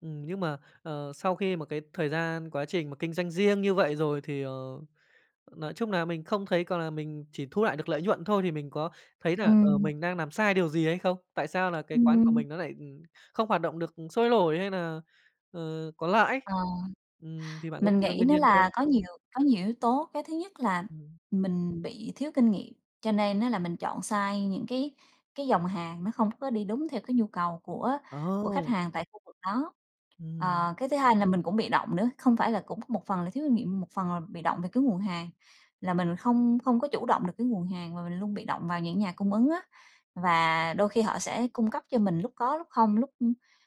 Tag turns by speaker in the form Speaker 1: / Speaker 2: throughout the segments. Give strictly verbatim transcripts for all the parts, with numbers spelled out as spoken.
Speaker 1: Ừm, nhưng mà, à, sau khi mà cái thời gian quá trình mà kinh doanh riêng như vậy rồi thì, ờ, nói chung nà mình không thấy có là mình chỉ thu lại được nợi nhuận thôi thì mình có thấy nà, ờ,
Speaker 2: Ừm.
Speaker 1: mình đang nàm sai điều gì hay không? Tại sao nà cái quán của
Speaker 2: Ừm.
Speaker 1: mình nó nại không hoạt động được sôi nổi hay nà, à, có lãi,
Speaker 2: Ờ,
Speaker 1: ừm, thì bạn có
Speaker 2: mình
Speaker 1: tìm ra
Speaker 2: nghĩ
Speaker 1: nguyên
Speaker 2: nữa
Speaker 1: nhân không?
Speaker 2: là có nhiều có nhiều yếu tố, cái thứ nhất là
Speaker 1: Ừm.
Speaker 2: mình bị thiếu kinh nghiệm cho nên á là mình chọn sai những cái cái dòng hàng nó không có đi đúng theo cái nhu cầu của của khách
Speaker 1: Ồ!
Speaker 2: hàng tại khu vực đó.
Speaker 1: Ừm.
Speaker 2: Ờ, cái thứ hai là mình cũng bị động nữa, không phải là cũng một phần là thiếu kinh nghiệm một phần là bị động về cái nguồn hàng, là mình không không có chủ động được cái nguồn hàng mà mình luôn bị động vào những nhà cung ứng á và đôi khi họ sẽ cung cấp cho mình, lúc có lúc không, lúc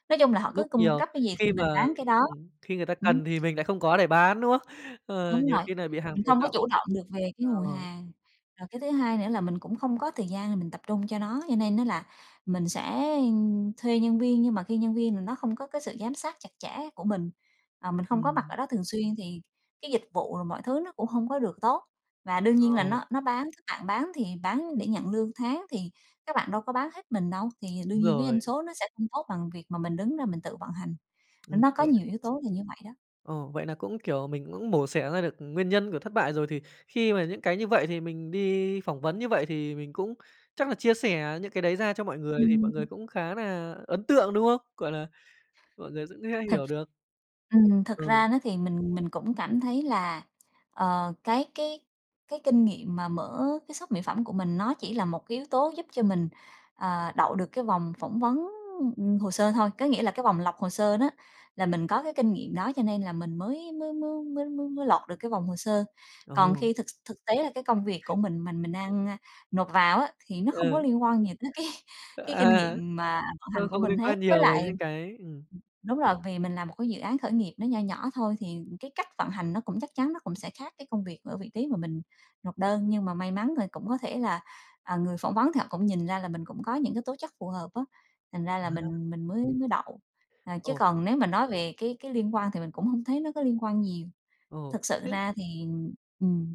Speaker 2: nói chung là họ cứ
Speaker 1: Lúc
Speaker 2: cung
Speaker 1: nhiều
Speaker 2: cấp cái gì
Speaker 1: khi
Speaker 2: thì mình
Speaker 1: mà
Speaker 2: bán cái đó.
Speaker 1: ừm, khi người ta
Speaker 2: Ừm.
Speaker 1: cần thì mình lại không có để bán đúng không? À,
Speaker 2: Đúng
Speaker 1: nhiều
Speaker 2: rồi,
Speaker 1: khi nà bị hàng
Speaker 2: mình
Speaker 1: tồn
Speaker 2: không có
Speaker 1: đọng.
Speaker 2: chủ động được về cái
Speaker 1: Ờ.
Speaker 2: nguồn hàng, rồi cái thứ hai nữa là mình cũng không có thời gian mình tập trung cho nó, cho nên á là mình sẽ thuê nhân viên nhưng mà khi nhân viên nó không có cái sự giám sát chặt chẽ của mình, mình không có mặt ở
Speaker 1: Ừm.
Speaker 2: đó thường xuyên thì cái dịch vụ rồi mọi thứ nó cũng không có được tốt. Và đương nhiên là
Speaker 1: Ờ.
Speaker 2: nó nó bán các bạn bán thì bán để nhận lương tháng thì các bạn đâu có bán hết mình đâu, thì đương
Speaker 1: Đúng
Speaker 2: nhiên cái
Speaker 1: rồi.
Speaker 2: doanh số nó sẽ không tốt bằng việc mà mình đứng ra mình tự vận hành.
Speaker 1: Ừm,
Speaker 2: Nó có
Speaker 1: vậy
Speaker 2: nhiều yếu tố là như vậy đó.
Speaker 1: Ồ, vậy nà cũng, kiểu, mình cũng mổ xẻ ra được nguyên nhân của thất bại rồi, thì khi mà những cái như vậy thì mình đi phỏng vấn như vậy thì mình cũng chắc nà chia sẻ những cái đấy ra cho mọi người, thì
Speaker 2: Ừm.
Speaker 1: mọi người cũng khá nà ấn tượng, đúng không? Gọi là, mọi người cũng sẽ
Speaker 2: Thực
Speaker 1: hiểu được.
Speaker 2: ừm, thực
Speaker 1: Ừ.
Speaker 2: ra á thì mình mình cũng cảm thấy là, ờ, cái cái cái kinh nghiệm mà mở cái shop mỹ phẩm của mình nó chỉ là một cái yếu tố giúp cho mình, ờ, đậu được cái vòng phỏng vấn, ừm, hồ sơ thôi. Có nghĩa là cái vòng lọc hồ sơ đó là mình có cái kinh nghiệm đó cho nên là mình mới mới mới mới mới mới lọt được cái vòng hồ sơ. Còn
Speaker 1: Ừ.
Speaker 2: khi thực thực tế là cái công việc của mình mà mình đang nộp vào á thì nó không có
Speaker 1: Ừ.
Speaker 2: liên quan gì tới cái cái kinh
Speaker 1: À,
Speaker 2: nghiệm mà vận
Speaker 1: tôi
Speaker 2: hành của
Speaker 1: không
Speaker 2: mình
Speaker 1: niên quan
Speaker 2: hết, với
Speaker 1: nhiều với
Speaker 2: lại
Speaker 1: những
Speaker 2: ừm,
Speaker 1: cái ừm.
Speaker 2: đúng rồi, vì mình làm một cái dự án khởi nghiệp nó nho nhỏ thôi thì cái cách vận hành nó cũng chắc chắn nó cũng sẽ khác cái công việc ở vị trí mà mình nộp đơn. Nhưng mà may mắn thì cũng có thể là, à, người phỏng vấn thì họ cũng nhìn ra là mình cũng có những cái tố chất phù hợp á, thành ra là
Speaker 1: À.
Speaker 2: mình mình mới mới đậu. Ờ, chứ
Speaker 1: Ồ.
Speaker 2: còn nếu mà nói về cái cái liên quan thì mình cũng không thấy nó có liên quan nhiều.
Speaker 1: Ồ,
Speaker 2: Thực sự
Speaker 1: thế
Speaker 2: ra thì ừm.